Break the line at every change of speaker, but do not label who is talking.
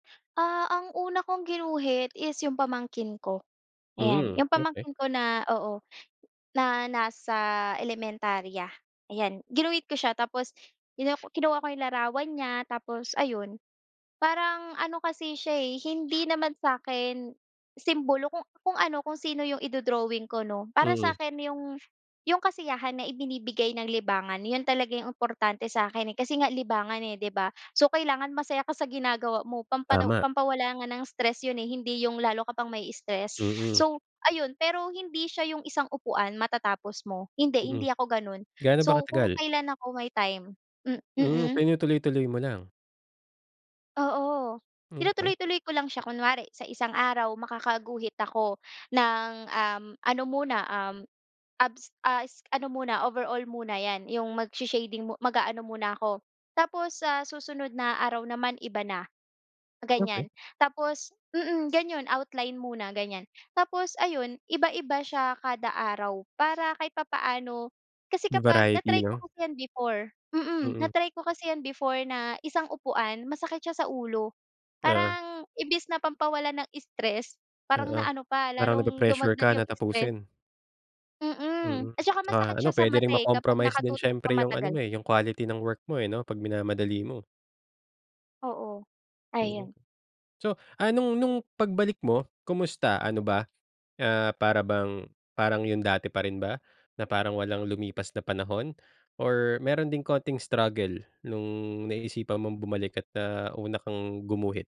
Ah, ang una kong ginuhit is yung pamangkin ko, ayan.
Hmm,
Yung
okey.
pamangkin ko na oo, na nasa elementarya, ayan. Ginuhit ko siya tapos kinu kinuha ko yung larawa n niya tapos ayun. Parang ano kasi siya, eh, hindi naman sa'kin simbolo kung kung ano, kung sino yung ido-drawing ko, 'no? Para
Mm.
sakin yung yung kasiyahan na ibinibigay ng libangan. Yun talaga yung importante sa'kin, eh. Kasi nga libangan, eh, 'di ba? So, kailangan masaya ka sa ginagawa mo pampalo
Tama.
pampawala nga ng stress yun, eh, hindi yung lalo ka pang mai-stress.
Mm.
So, ayun pero hindi siya yung isang upuan matatapos mo hindi,
Mm.
hindi ako gano'n.
Gaano ba
So, kung
katagal?
kailan ako may time m
Hmm,
mm.
tinutuloy-tuloy mo lang.
Oo,
Hmm, okey.
tinutuloy-tuloy ko lang siya kunwari sa isang araw makakaguhit ako ng, um, ano muna, um, abs a es ano muna overall muna 'yan, yung magsha-shading mu mag-aano muna ako. Tapos sa susunod na araw naman iba na, ganyan.
Okey.
Tapos mm, gano'n outline muna gan'yan. Tapos, ayun iba-iba siya kada araw para kahit papaano. Kasi
'Yong
kapag
variety,
na-try
'no?
ko kasi 'yan before, mm.
Mm.
Na-try ko kasi 'yan before na isang upuan masakit siya sa ulo.
Ah.
Parang imbes na pampawala ng stress parang
Oo,
naano pa
parang
lalong
nape-pressure
dumagdag
ka na
yung stress.
tapusin.
Mm,
Mm,
at saka
ah,
masakit
ano
siya sa
puwede ring
mata, eh, kapag
ma-compromise din
nakatutok ka
siyempre yung ano
matagal.
mo, eh, yung quality ng work mo, eh, 'no, pag minamadali mo.
Oo.
Mm.
Ayon.
So, ah, nung nung pagbalik mo kamusta ano ba, ah, para bang parang yung dati pa rin ba, na parang walang lumipas na panahon or meron ding konting struggle nung naisipan mong bumalik at, ah, una kang gumuhit?